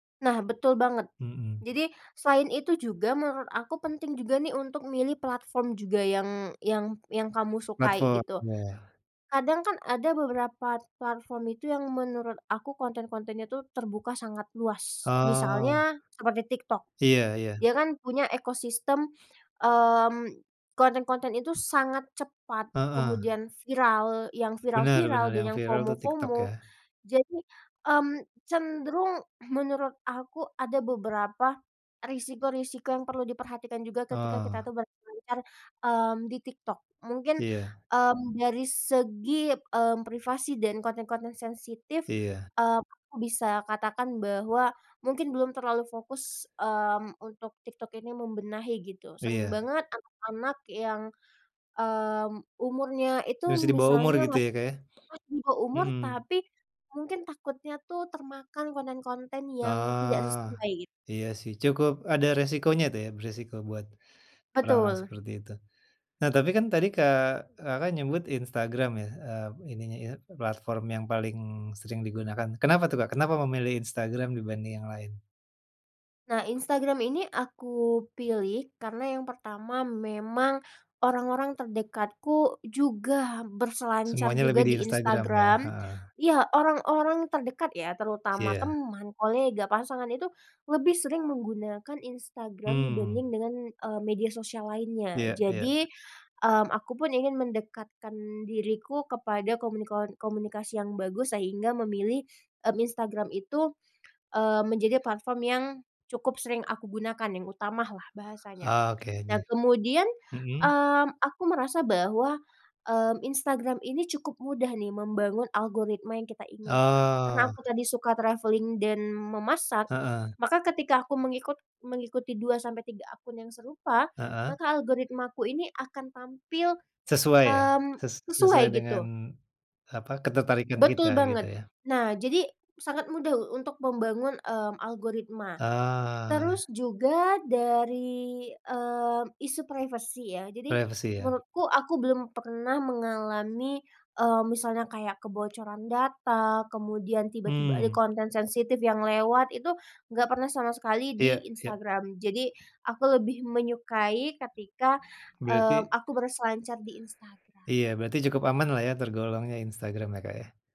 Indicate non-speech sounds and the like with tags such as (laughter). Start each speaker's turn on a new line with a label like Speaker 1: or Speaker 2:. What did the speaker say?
Speaker 1: Nah, betul banget.
Speaker 2: Mhm.
Speaker 1: Jadi, selain itu juga, menurut aku penting juga nih untuk milih platform juga yang yang yang kamu sukai,
Speaker 2: Platform,
Speaker 1: gitu.
Speaker 2: iya.
Speaker 1: Kadang kan ada beberapa platform itu yang menurut aku konten-kontenya tuh terbuka sangat luas,
Speaker 2: Oh.
Speaker 1: misalnya seperti TikTok.
Speaker 2: Iya iya.
Speaker 1: Dia kan punya ekosistem, mmm, konten-konten itu sangat cepat,
Speaker 2: Heeh.
Speaker 1: kemudian viral. Yang
Speaker 2: Benar benar.
Speaker 1: viral-viral dan
Speaker 2: Yang
Speaker 1: yang
Speaker 2: viral tuh TikTok,
Speaker 1: FOMO-FOMO,
Speaker 2: ya.
Speaker 1: jadi, mmm, cenderung menurut aku ada beberapa risiko-risiko yang perlu diperhatikan juga ketika kita
Speaker 2: Oh.
Speaker 1: tuh berselancar, mmm, di TikTok. Mungkin,
Speaker 2: Iya.
Speaker 1: mmm, dari segi, mmm, privasi dan konten-konten sensitif,
Speaker 2: Iya.
Speaker 1: mmm, aku bisa katakan bahwa mungkin belum terlalu fokus, mmm, untuk TikTok ini membenahi, gitu. Sering
Speaker 2: Iya.
Speaker 1: banget anak-anak yang, mmm, umurnya itu
Speaker 2: Masih dibawah umur
Speaker 1: misalnya
Speaker 2: gitu
Speaker 1: mas
Speaker 2: ya, Kak, ya?
Speaker 1: (unintelligible) di bawah umur
Speaker 2: Mmm.
Speaker 1: tapi mungkin takutnya tuh termakan konten-konten yang tidak
Speaker 2: Ah,
Speaker 1: sesuai.
Speaker 2: iya sih, cukup ada resikonya tuh ya, beresiko buat orang-orang
Speaker 1: Betul.
Speaker 2: seperti itu. Nah, tapi kan tadi, Kak Kakak menyebut Instagram ya, eee, ininya, ie platform yang paling sering digunakan. Kenapa tuh, Kak, kenapa memilih Instagram dibanding yang lain?
Speaker 1: Nah, Instagram ini aku pilih karena yang pertama memang orang-orang terdekatku juga berselancar
Speaker 2: Semuanya
Speaker 1: juga
Speaker 2: lebih di
Speaker 1: di
Speaker 2: Instagram, ya?
Speaker 1: Instagram.
Speaker 2: Heeh.
Speaker 1: Ya, orang-orang terdekat ya, terutama
Speaker 2: Iya.
Speaker 1: teman, kolega, pasangan, itu lebih sering menggunakan Instagram
Speaker 2: Mmm.
Speaker 1: dibanding dengan, mmm, media sosial lainnya.
Speaker 2: Iya iya.
Speaker 1: Jadi, mmm, aku pun ingin mendekatkan diriku kepada komunikon komunikasi yang bagus, sehingga memilih, mmm, Instagram itu, mmm, menjadi platform yang cukup sering aku gunakan, yang utama lah bahasanya.
Speaker 2: Oke aja.
Speaker 1: Dan kemudian,
Speaker 2: Mhm.
Speaker 1: mmm, aku merasa bahwa, mmm, Instagram ini cukup mudah nih membangun algoritma yang kita inginkan, karena
Speaker 2: Oh.
Speaker 1: aku tadi suka travelling dan memasak,
Speaker 2: Heeh.
Speaker 1: maka ketika aku mengikut mengikuti 2-3 akun yang serupa,
Speaker 2: Heeh.
Speaker 1: maka algoritmaku ini akan tampil,
Speaker 2: Sesuai ya,
Speaker 1: mmm,
Speaker 2: ses
Speaker 1: sesuai,
Speaker 2: sesuai
Speaker 1: gitu.
Speaker 2: dengan, apa, ketertarikan
Speaker 1: Betul
Speaker 2: kita, gitu
Speaker 1: banget.
Speaker 2: ya.
Speaker 1: Nah, jadi, sangat mudah untuk membangun, mmm, algoritma.
Speaker 2: Ah.
Speaker 1: Terus juga dari, mmm, isu privasi ya, jadi
Speaker 2: Privasi, ya.
Speaker 1: menurutku aku belum pernah mengalami, mmm, misalnya kayak kebocoran data, kemudian tiba-tiba ada
Speaker 2: Mmm.
Speaker 1: konten sensitif yang lewat, itu nggak pernah sama sekali di
Speaker 2: Iya. Iya.
Speaker 1: Instagram. Jadi aku lebih menyukai ketika, mmm,
Speaker 2: Berarti
Speaker 1: aku berselancar di
Speaker 2: Iya,
Speaker 1: Instagram.
Speaker 2: berarti cukup aman lah ya tergolongnya Instagram, ya, Kak, ya.